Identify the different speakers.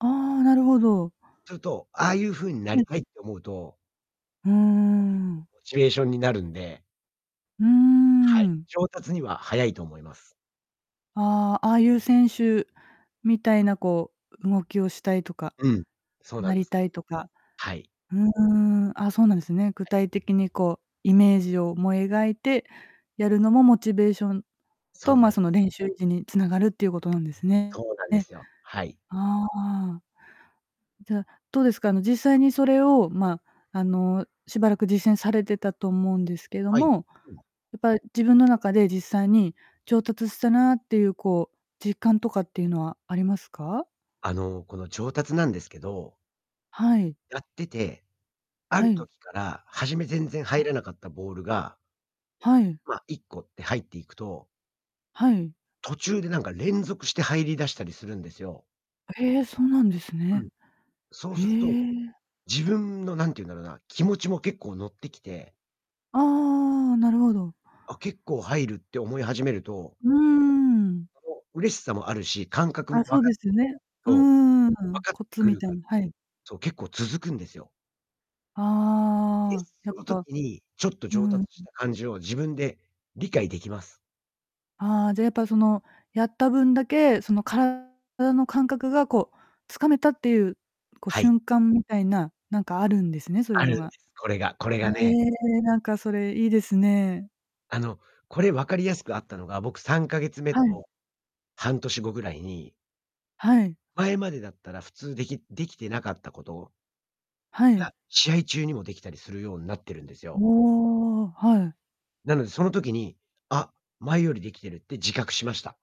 Speaker 1: ああ、なるほど。
Speaker 2: すると、ああいう風にな
Speaker 1: う
Speaker 2: り
Speaker 1: ん。
Speaker 2: たいって思うと
Speaker 1: うー
Speaker 2: これがけっこ
Speaker 1: ん。
Speaker 2: うモチベーションになるんで
Speaker 1: うー
Speaker 2: はい。
Speaker 1: ん。
Speaker 2: 上達には早いと思います。
Speaker 1: ああ、ああいう選手みたいなこう、う動きをしたいとか、
Speaker 2: うん。そうな
Speaker 1: な
Speaker 2: んで
Speaker 1: り
Speaker 2: す。
Speaker 1: たいとか。
Speaker 2: はい。
Speaker 1: うーん、あ、そうなんですね。具
Speaker 2: はい。
Speaker 1: 体的にこうイメージをも描いてやるのもモチベーション
Speaker 2: そ
Speaker 1: と
Speaker 2: うな
Speaker 1: ま、
Speaker 2: んです。
Speaker 1: その練習時に繋がるっていうことなんですね。
Speaker 2: そうなん
Speaker 1: え
Speaker 2: で
Speaker 1: え。
Speaker 2: すよ、はい。
Speaker 1: ああ。じゃ、どうですか、あの実際にそれをま、あの、しばらく実践されてたと思うんですけど
Speaker 2: はい、
Speaker 1: も、
Speaker 2: うん。
Speaker 1: やっぱ自分の中で実際に上達したなっていうこう実感とかっていうのはありますか？
Speaker 2: あのこの上達なんですけど
Speaker 1: はい。
Speaker 2: やってて、あ
Speaker 1: は
Speaker 2: る
Speaker 1: い。
Speaker 2: 時から初め全然入
Speaker 1: は。
Speaker 2: らなかったボールが
Speaker 1: はい。
Speaker 2: ま、1個って入っていくと
Speaker 1: はい。
Speaker 2: 途中でなんか連続して入り出したりするんですよ。
Speaker 1: へえ、そうなんです
Speaker 2: う
Speaker 1: ね。
Speaker 2: ん。そう
Speaker 1: へ
Speaker 2: すると、
Speaker 1: え。
Speaker 2: 自分のなんてゆんだろうな、気持ちも結構乗ってきて
Speaker 1: ああ、なるほど。
Speaker 2: あ、結構入るって思い始めると
Speaker 1: うーん。
Speaker 2: こう、嬉しさもあるし、感覚も
Speaker 1: あ、
Speaker 2: 分か
Speaker 1: そ
Speaker 2: っ
Speaker 1: うで すよね。う
Speaker 2: と
Speaker 1: ー
Speaker 2: 分
Speaker 1: ん、
Speaker 2: かっ
Speaker 1: コ
Speaker 2: て
Speaker 1: ツ
Speaker 2: く
Speaker 1: み
Speaker 2: る
Speaker 1: たい
Speaker 2: か
Speaker 1: な、はい。
Speaker 2: そう、結構続くんですよ。で、
Speaker 1: ああ、や
Speaker 2: そ
Speaker 1: っ
Speaker 2: の
Speaker 1: ぱ
Speaker 2: 時にちょっと
Speaker 1: う
Speaker 2: 上
Speaker 1: ん。
Speaker 2: 達した感じを自分で理解できます。
Speaker 1: ああ、じゃやっぱそのやった分だけ、その体の感覚がこう掴めたっていう、こう
Speaker 2: はい。
Speaker 1: 瞬間みたいな、なんかあるんですね、そういう
Speaker 2: ある
Speaker 1: の
Speaker 2: ん
Speaker 1: が。
Speaker 2: です、これがこれ
Speaker 1: え
Speaker 2: がね。
Speaker 1: え、なんかそれいいですね。
Speaker 2: あの、これ分かりやすくあったのが僕3ヶ月目
Speaker 1: はい。
Speaker 2: と半年後ぐらいに
Speaker 1: はい。
Speaker 2: 前までだったら普通できできてなかったことを
Speaker 1: はい。
Speaker 2: が、試合中にもできたりするようになってるんですよ。
Speaker 1: おお、はい。
Speaker 2: なのでその時にあ、前よりできてるって自覚しました。